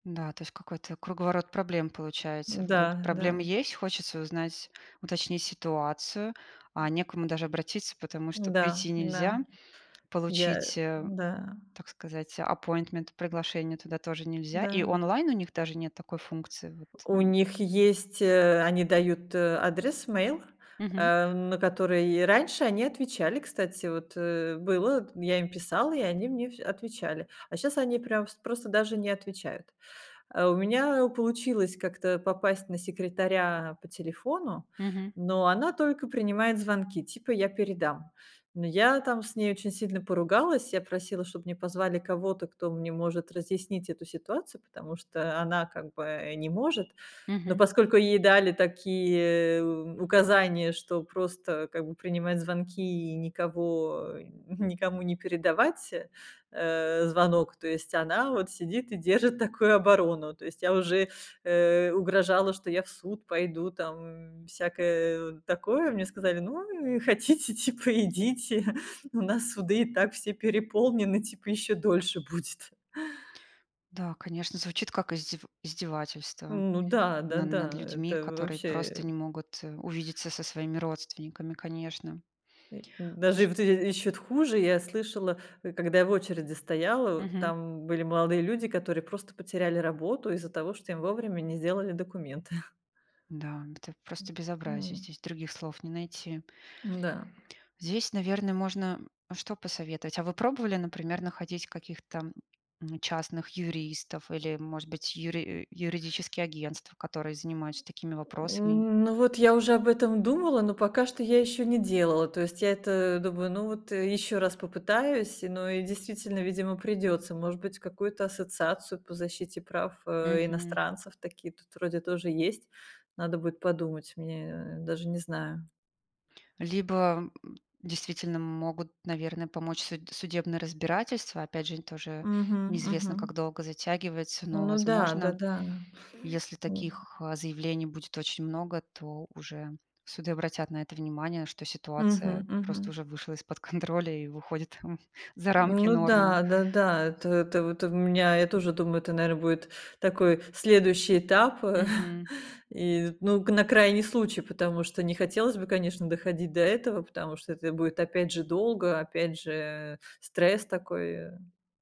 Да, то есть какой-то круговорот проблем получается. Вроде Да, проблема да. есть, хочется узнать, уточнить ситуацию. А не к кому даже обратиться, потому что Да, прийти да. нельзя. Я. Получить, э, Да. так сказать, appointment, приглашение туда тоже нельзя. И Да. онлайн у них даже нет такой функции, вот, У э? них есть, э они дают, э, адрес, мейл. Мгм. Э, на который раньше они отвечали, кстати. Вот, э, было т я им писала, и они мне вс отвечали. А щас они прям вс просто даже не отвечают. А, у меня, э, получилось как-то попасть на секретаря по телефону. Мгм. Но она только принимает звонки, типа: "Я передам." Но я там с ней очень сильно поругалась. Я просила, чтобы мне позвали кого-то, кто мне может разъяснить эту ситуацию. Потому что она, как бы, э, не может. Но Мгм. поскольку ей дали такие у указания, что просто, как бы, принимать звонки и никого, э, никому не передавать, э, звонок. То есть она вот сидит и держит такую оборону. То есть я уже, э, угрожала, что я в суд пойду, там, всякое, э, такое. Мне сказали: "Ну, и хотите, типа идите, у нас суды и так все переполнены". Типа еще дольше будет. Да, конечно, звучит как издев издевательство Ну да. на над Да-да. людьми, Это которые вообще. просто не могут, э, увидеться со своими родственниками, конечно. Э. Даже и Слуш. вот эти ещё т хуже, я слышала, э, когда я в очереди стояла. Мгм. Там были молодые люди, которые просто потеряли работу из-за того, что им вовремя не сделали документы. Да. Это просто М.. безобразие, М. здесь других слов не найти. Да. Здесь, наверно, можно что посоветовать. А вы пробовали, например, находить каких-то, м, частных юристов или, может быть, юри юридические агентства, которые занимаются такими вопросами? Ну, вот я уже об этом думала, но пока что я ещё не делала. То есть я это думаю: "Ну, вот ещё раз попытаюсь". Но и, действительно, видимо, придётся. Может быть, какую-то ассоциацию по защите прав, э, Мгм. иностранцев. Такие тут вроде тоже есть. Надо будет подумать мне. Даже не знаю. Либо, э, действительно, могут, наверно, помочь суд судебное разбирательство. Опять же, тоже Мгм. неизвестно, как Мгм. долго затягивается. Но, Ну да. возможно, Да-да если М. таких, э, заявлений будет очень много, то уже суды обратят на это внимание, что Мгм ситуация просто мгм. уже вышла из-под контроля и выходит за рамки Ну нормы. да. Да-да. То тов то в меня я тоже думаю, это, наверно, будет такой следующий этап. Мгм. И, ну, нак на крайний случай. Потому что не хотелось бы, конечно, доходить до этого. Потому что это будет опять же, долго, опять же, стресс такой, э.